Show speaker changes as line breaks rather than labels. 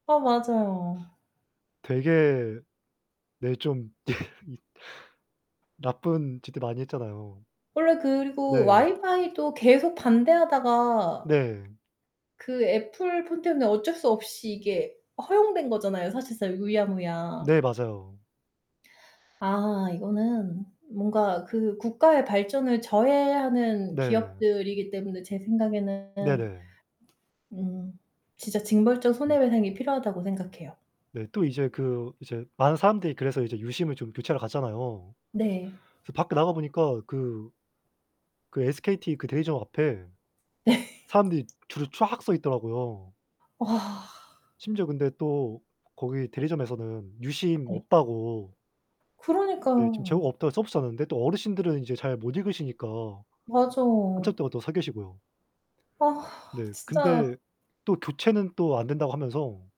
아 맞아요.
되게 네, 좀 이 나쁜 짓도 많이 했잖아요.
원래 그리고
네.
와이파이도 계속 반대하다가
네.
그 애플 폰 때문에 어쩔 수 없이 이게 허용된 거잖아요, 사실상 유야무야.
네, 맞아요.
아, 이거는 뭔가 그 국가의 발전을 저해하는
네.
기업들이기 때문에 제 생각에는.
네네.
음 진짜 징벌적
네.
손해배상이 필요하다고 생각해요.
네 또 이제 그 이제 많은 사람들이 그래서 이제 유심을 좀 교체하러 갔잖아요.
네.
그래서 밖에 나가보니까 그 그 SKT 그 대리점 앞에 사람들이 줄을 쫙 서 있더라고요.
와.
심지어 근데 또 거기 대리점에서는 유심
네.
없다고 네. 지금
그러니까요.
재고가 없다고 써 붙여 놨는데 또 어르신들은 이제 잘 못 읽으시니까
맞어.
한참 동안 또 서 계시고요.
아
네.
진짜.
근데 또 교체는 또 안 된다고 하면서